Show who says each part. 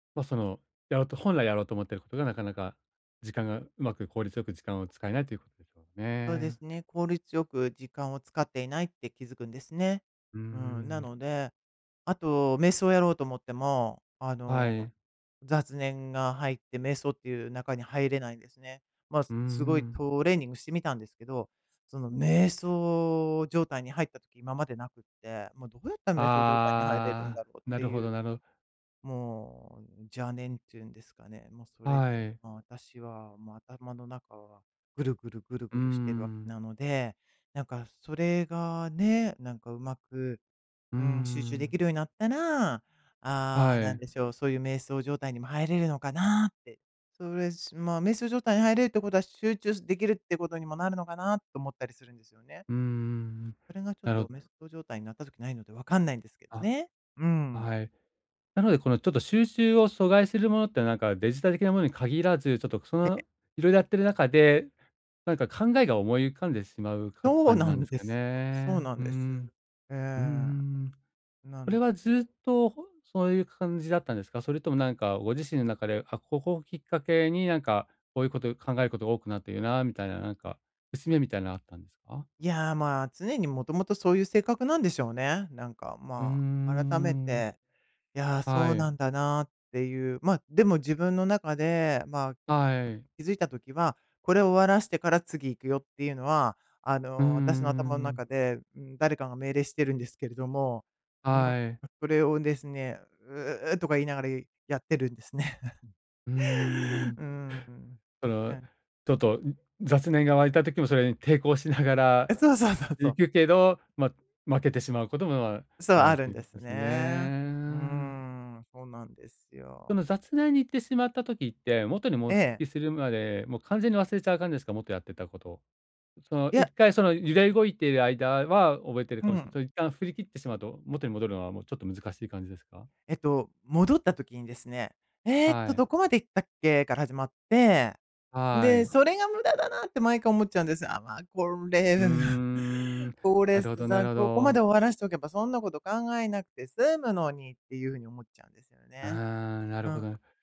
Speaker 1: ま、その、やろうと本来やろうと思っていることが、なかなか時間がうまく効率よく時間を使えないということでしょう
Speaker 2: そうで
Speaker 1: ね。
Speaker 2: すね、効率よく時間を使っていないって気づくんですね。
Speaker 1: うー
Speaker 2: うん、な
Speaker 1: ん。
Speaker 2: ので、あと、瞑想をやろうと思っても、あ
Speaker 1: は
Speaker 2: の、
Speaker 1: い。
Speaker 2: 雑念が入って瞑想っていう中に入れないんですね。ま、
Speaker 1: うー
Speaker 2: すごい
Speaker 1: ん。
Speaker 2: トレーニングしてみたんですけど、その、瞑想状態に入った時、今までなくって。も、どうやったら瞑想状態に入れるん
Speaker 1: あ
Speaker 2: だ
Speaker 1: あ、
Speaker 2: ろうっ
Speaker 1: な
Speaker 2: て
Speaker 1: るほ
Speaker 2: いう。
Speaker 1: どなる
Speaker 2: もう邪念っていうんですかね、も、それ
Speaker 1: は
Speaker 2: で、
Speaker 1: い。
Speaker 2: ま、私は、ま、頭の中は、ぐるぐるぐる
Speaker 1: う
Speaker 2: ぐ
Speaker 1: ー
Speaker 2: るしてるわけ
Speaker 1: ん。
Speaker 2: なので。なんか、それがね、なんか、うまく、
Speaker 1: うー
Speaker 2: うーん、集中で
Speaker 1: ん。
Speaker 2: きるようになったら、あ
Speaker 1: は
Speaker 2: あ、何
Speaker 1: い。
Speaker 2: でしょう、そういう瞑想状態にも入れるのかなって。それ、すまあ、瞑想状態に入れるってことは、集中すできるってことにもなるのかな、と思ったりするんですよね。
Speaker 1: うーん。
Speaker 2: それがちょっ
Speaker 1: なる
Speaker 2: と、
Speaker 1: ほ
Speaker 2: 瞑想状態になった時ないので、わかんないんですけど
Speaker 1: あ、
Speaker 2: ね。うー
Speaker 1: あ、
Speaker 2: ん。
Speaker 1: はい。なので、この、ちょっと、集中を阻害するものって、なんか、デジタル系のものに限らず、ちょっと、そ
Speaker 2: ええ。
Speaker 1: の、いろいろやっている中で、なんか考えが思い浮かんでしまうか
Speaker 2: そう
Speaker 1: 感じ
Speaker 2: な
Speaker 1: なんで
Speaker 2: ん
Speaker 1: す
Speaker 2: で
Speaker 1: か
Speaker 2: すよ。そう
Speaker 1: ね。
Speaker 2: なん
Speaker 1: うー
Speaker 2: です。
Speaker 1: ん。
Speaker 2: ええ。
Speaker 1: うーん。
Speaker 2: な
Speaker 1: それ
Speaker 2: の
Speaker 1: は
Speaker 2: で。
Speaker 1: ずっと、ほんそういう感じだったんですか？それとも、なんか、ご自身の中で、あ、ここをきっかけに、なんか、こういうこと、考えること多くなっているな、みたいな、なんか、節目みたいなあったんですか？
Speaker 2: いや、まあ、常にもともと、そういう性格なんでしょうね。なんか、
Speaker 1: うー
Speaker 2: まあ、改め
Speaker 1: ん。
Speaker 2: て、いや、そ
Speaker 1: は
Speaker 2: うな
Speaker 1: い。
Speaker 2: んだなっていう。ま、でも自分の中で、まあ、
Speaker 1: はい。
Speaker 2: 気づいた時は、これ終わらせてから次行くよっていうのは、あ
Speaker 1: うー
Speaker 2: の、私の頭の
Speaker 1: ん。
Speaker 2: 中で、うーん、誰かが命令してるんですけれども。うん、
Speaker 1: はい。
Speaker 2: それをですね、うううとか言いながら、いやってるんですね。
Speaker 1: うーん。
Speaker 2: うーん、
Speaker 1: そ
Speaker 2: う
Speaker 1: の、
Speaker 2: ん。
Speaker 1: ちょっと雑念が湧いた時も、それに抵抗しながら
Speaker 2: あ、そうそうそうそ
Speaker 1: 行
Speaker 2: う。
Speaker 1: くけど、ま、負けてしまうことも
Speaker 2: そう、
Speaker 1: ある
Speaker 2: あ
Speaker 1: っ
Speaker 2: る
Speaker 1: て
Speaker 2: ん
Speaker 1: いう
Speaker 2: で
Speaker 1: こと
Speaker 2: す
Speaker 1: です
Speaker 2: ね。うー
Speaker 1: ね。
Speaker 2: ん、そうなんです
Speaker 1: その
Speaker 2: よ。
Speaker 1: 雑念に行ってしまった時って、元にもう復
Speaker 2: ええ。
Speaker 1: 帰するまで、もう完全に忘れちゃう感じですか？元やってたこと。その
Speaker 2: い
Speaker 1: いっ
Speaker 2: や。
Speaker 1: かい、その揺れ動いている間は、覚えている
Speaker 2: うん
Speaker 1: か
Speaker 2: う
Speaker 1: もしれない。
Speaker 2: ん。
Speaker 1: それ一旦振り切ってしまうと、元に戻るのは、もうちょっと難しい感じですか？
Speaker 2: えっと、戻った時にですね、ええ
Speaker 1: は
Speaker 2: と、
Speaker 1: い。
Speaker 2: どこまで行ったっけ、から始まって、
Speaker 1: は
Speaker 2: で、
Speaker 1: い。
Speaker 2: それが無駄だなって、毎回思っちゃうんです。ああ、まあ、これ、
Speaker 1: うー ん、
Speaker 2: こ
Speaker 1: な
Speaker 2: れ
Speaker 1: るほどなる
Speaker 2: さ、
Speaker 1: ほ
Speaker 2: ここまで
Speaker 1: ど。
Speaker 2: 終わらせておけば、そんなこと考えなくて済むのに、っていうふうに思っちゃうんですよ
Speaker 1: あ
Speaker 2: ね。
Speaker 1: あ、なる
Speaker 2: う
Speaker 1: ほ
Speaker 2: ん。
Speaker 1: どな。